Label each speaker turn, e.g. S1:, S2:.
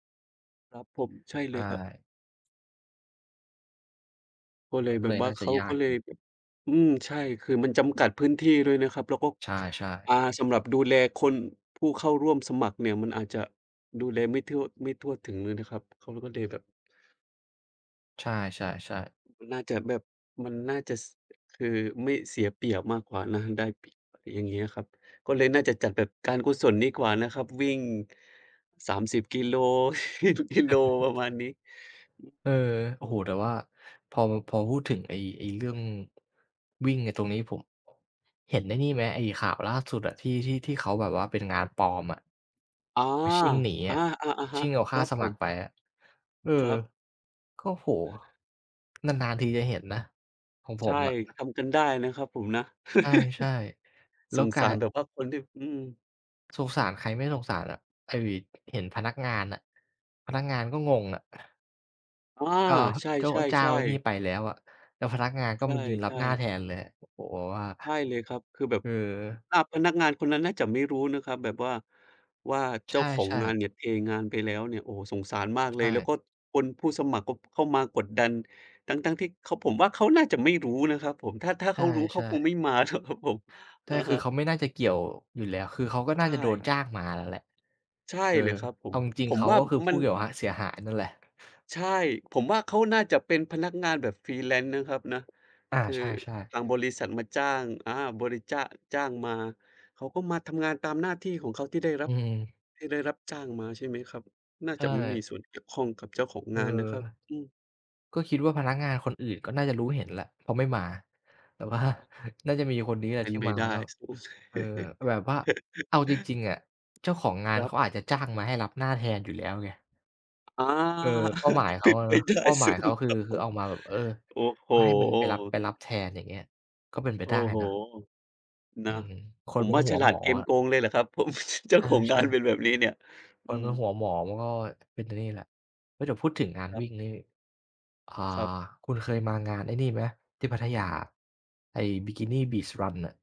S1: ครับผม ใช่เ
S2: ใ
S1: ล
S2: ช
S1: ย
S2: ่
S1: ครับ ก็เล
S2: มั
S1: ย
S2: นก็
S1: แบ
S2: เล
S1: บ
S2: ย
S1: ว่
S2: น
S1: า
S2: ่าจ
S1: เข
S2: ะ
S1: า
S2: ยา
S1: ก็
S2: ก
S1: เลยแบบ อืม ใช่ คือมันจำกัดพื้นที่ด้วยนะครับ แล้วก็
S2: ใช่
S1: อ
S2: ๆ
S1: า สำหรับดูแลคน ผู้เข้าร่วมสมัครเนี่ย มันอาจจะดูแลไม่ทั่ว ไม่ทั่วถึงเลยนะครับ เขาเลยก็เลยแบบ
S2: ใช่ ๆ ๆ
S1: ม น่าจะแบบ มันน่าจะ ส คือไม่เสียเปรียบมากกว่านะ ได้เปรียบ อย่างเงี้ยอะครับ ก็เลยน่าจะจัดแบบการกุศลดีกว่านะครับ วิ่ง 30 กิโล ที่ทุก กิโล ประมาณนี้
S2: เออ โอ้โฮ แต่ว่าพอมา พอพูดถึงไอ้ ไอ้เรื่อง วิ่งไอ้ตรงนี้ผม เห็นไอ้นี่ไหม ไอ้ข่าวล่าสุดอะ ที่ ที่ ที่เขาแบบว่าเป็นงานปลอมอะ?
S1: อา
S2: มันชิ่งหนี
S1: อ
S2: อ
S1: า
S2: ะ
S1: ๆ อะฮ
S2: ช
S1: ะ
S2: ิ่งเอาค
S1: ค
S2: ่
S1: ร
S2: า
S1: ับ
S2: ส
S1: ผ
S2: มัค
S1: ม
S2: รไปอะ เอ
S1: คร
S2: อ
S1: ับ
S2: ก็ โอ้โฮ! นาน ๆ ทีจะเห็นนะของผ
S1: ใช่
S2: มอะ
S1: ทำกันได้นะครับผมนะ
S2: ใช่ ๆ แล้
S1: ส
S2: ว
S1: ง
S2: กล
S1: ส
S2: า
S1: า
S2: ย
S1: รแบบว่าคนที่ อืม
S2: สงสารใครไม่สงสารอะ ไอ้ ว เห็นพนักงานน่ะ พนักงานมันก็งงอะ
S1: อา
S2: ก็
S1: ใช
S2: โจ๊ะ เจ้า
S1: ่
S2: ไอ้นี่
S1: ๆ ๆ
S2: ไปแล้วอะ แล้วพนักงานก็
S1: ใ
S2: มายืนรั
S1: ช
S2: บ
S1: ่
S2: หน้า
S1: ๆ
S2: แทนเลยอะ โอ้โฮ! แบบว่า
S1: ใช่เลยครับ คือแบบ
S2: คือ
S1: อา พนักงานคนนั้นน่าจะไม่รู้นะครับ แบบว่า ว่า
S2: ใ
S1: เจ้าของ
S2: ช่
S1: งา
S2: ๆ
S1: นเนี่ยเทงานไปแล้วเนี่ย โอ้โฮ! สงสารมาก
S2: ใช
S1: เลย แล้ว
S2: ่
S1: ก็คน ผู้สมัครก็ เข้ามากดดัน ทั้ง ๆ ที่เขา ผมว่าเขาน่าจะไม่รู้นะครับผม ถ้า ถ้า
S2: ใ
S1: เขารู้ เ
S2: ช
S1: ขา
S2: ่
S1: คง
S2: ๆ
S1: ไม่มา ท ครับผม
S2: ใช่
S1: อะ
S2: ค
S1: ฮ
S2: ือ
S1: ะ
S2: เขาไม่น่าจะเกี่ยว อยู่แล้ว คือเขาก็
S1: ใช
S2: น่าจะโดน
S1: ่
S2: จ้างมาน่ะแหละ
S1: ใช่
S2: คือ
S1: เลยครับผ
S2: เอ
S1: ม
S2: าจริง
S1: ผ
S2: ๆ เ
S1: ม
S2: ขา
S1: ว่า
S2: ก็คือผ
S1: มั
S2: ู้
S1: น
S2: แบบว่าเสียหายนั่นแหละ
S1: ใช่ ผมว่าเขาน่าจะเป็นพนักงานแบบ freelance นะครับนะ
S2: อา
S1: คือ
S2: ใช่ ๆ
S1: ทางบริษัทมาจ้าง อา บริจ้า จ้างมา เขาก็มาทำงานตามหน้าที่ของเขาที่ได้รั
S2: อื
S1: บ
S2: อฮึ
S1: ที่ได้รับจ้างมา ใช่ไหมครับ น่า
S2: ใช
S1: จะไม่มี
S2: ่
S1: ส่วนเกี่ยวข้องกับเจ้าของ
S2: เอ
S1: ง
S2: อ
S1: านนะครับ อือ
S2: ก็คิดว่าพนักงานคนอื่นก็น่าจะรู้เห็นแหละ เพราะไม่มา แต่ว่า
S1: อะฮะ
S2: น่าจะมีอยู่คนเนี้ย
S1: เป็
S2: ที
S1: น
S2: ่
S1: ไป
S2: มา
S1: ได้
S2: ก็
S1: ส โอ้ เท
S2: เออ แบบว่า เอาจริง ๆ อะ เจ้าของง
S1: ค
S2: าน
S1: รั
S2: เข
S1: บ
S2: าอาจจะจ้างมาให้รับหน้าแทนอยู่แล้วไง
S1: อา
S2: เออ เป้าหมายเข
S1: เป
S2: า
S1: ็น
S2: อะ
S1: ไ
S2: เ
S1: ป
S2: นาะ
S1: ได้
S2: เป้าหม
S1: ส
S2: า
S1: ู
S2: ยเข
S1: ง
S2: าคื
S1: ค
S2: อ
S1: รับ
S2: ค
S1: ผ
S2: ือเ
S1: ม
S2: อามาแบบ เออ
S1: โอ้โฮ!
S2: ก็ให้มันไป รับ ไปรับแทน อย่างเงี้ย ก็เป็นไป
S1: โอ้
S2: ได้
S1: โฮ
S2: เนาะ
S1: น
S2: อื
S1: ะ
S2: อฮึ ค
S1: ผ
S2: น
S1: ม
S2: มั
S1: ว
S2: น
S1: ่า
S2: หั
S1: ฉ
S2: ว
S1: ลา
S2: หม
S1: ด
S2: อ
S1: เกม
S2: อะ
S1: โกงเลยแหละครับ ผม เจ้า
S2: อา
S1: ของ
S2: ใช
S1: ง
S2: ่
S1: าน
S2: ครั
S1: เ
S2: บ
S1: ป็นแบบนี้เนี่ย
S2: ค
S1: อื
S2: น
S1: ม
S2: มันหัวหมอ มันก็ เป็น ต นี่แหละ เออ เดี๋ยวพูดถึงงาน
S1: คร
S2: ว
S1: ับ
S2: ิ่งนี่ อ่า
S1: ครับ
S2: คุณเคยมางานไอ้นี่ไหม? ที่พัทยาอะ ไอ้ Bikini Beach Run น่ะ